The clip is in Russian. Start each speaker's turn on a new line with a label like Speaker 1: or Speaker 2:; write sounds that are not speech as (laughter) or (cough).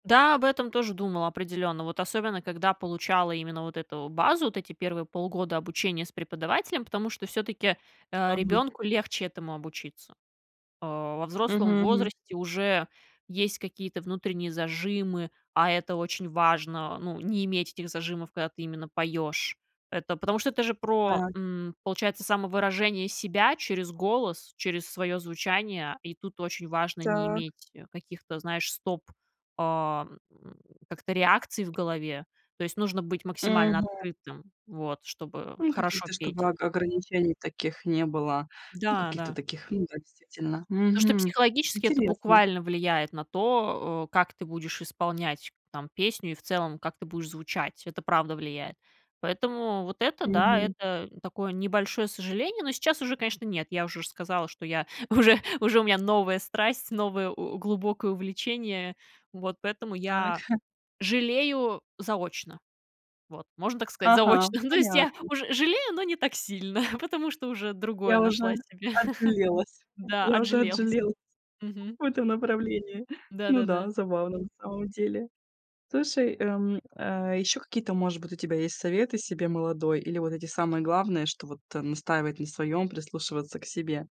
Speaker 1: Да, об этом тоже думала определённо. Вот особенно когда получала именно вот эту базу, вот эти 1 полгода обучения с преподавателем, потому что всё-таки, а,
Speaker 2: Мгм.
Speaker 1: ребёнку легче этому обучиться. А во взрослом
Speaker 2: Мгм, мгм.
Speaker 1: возрасте уже есть какие-то внутренние зажимы, а это очень важно, ну, не иметь этих зажимов, когда ты именно поёшь. Это потому что это же про,
Speaker 2: Так.
Speaker 1: м, получается, самовыражение себя через голос, через своё звучание. И тут очень важно не
Speaker 2: Так.
Speaker 1: иметь, э, каких-то, знаешь, стоп, а, м, как-то реакций в голове. То есть нужно быть максимально
Speaker 2: Мгм.
Speaker 1: открытым, вот, чтобы
Speaker 2: Ну
Speaker 1: хорошо
Speaker 2: каких-то,
Speaker 1: петь.
Speaker 2: чтобы ога ограничений таких не было. Ну
Speaker 1: Да,
Speaker 2: каких-то
Speaker 1: да.
Speaker 2: таких. Ну да, действительно.
Speaker 1: То, что
Speaker 2: Мгм.
Speaker 1: психологически это
Speaker 2: Интересно.
Speaker 1: буквально влияет на то, а, как ты будешь исполнять там песню и в целом, как ты будешь звучать. Это правда влияет. Поэтому вот это да,
Speaker 2: Мгм.
Speaker 1: это такое небольшое сожаление. Но сейчас уже, конечно, нет. Я уже ж сказала, что я уже уже у меня новая страсть, новое о глубокое увлечение. Вот, поэтому
Speaker 2: Так.
Speaker 1: я
Speaker 2: (chuckles)
Speaker 1: жалею заочно. Вот, можно так сказать,
Speaker 2: Ага,
Speaker 1: заочно. Ну, то есть я
Speaker 2: понятно.
Speaker 1: уже жалею, но не так сильно, (chuckles) потому что уже другое
Speaker 2: Я уже
Speaker 1: нашла себе. (chuckles)
Speaker 2: отжалелась,
Speaker 1: Да,
Speaker 2: я уже
Speaker 1: отжалелась.
Speaker 2: отжалелась
Speaker 1: Мгм.
Speaker 2: в этом направлении. Ну да,
Speaker 1: Да-да-да.
Speaker 2: забавно на самом деле. Слушай, эм, э, ещё какие-то, может быть, у тебя есть советы себе молодой или вот эти самые главные, что вот, э, настаивать на своём, прислушиваться к себе?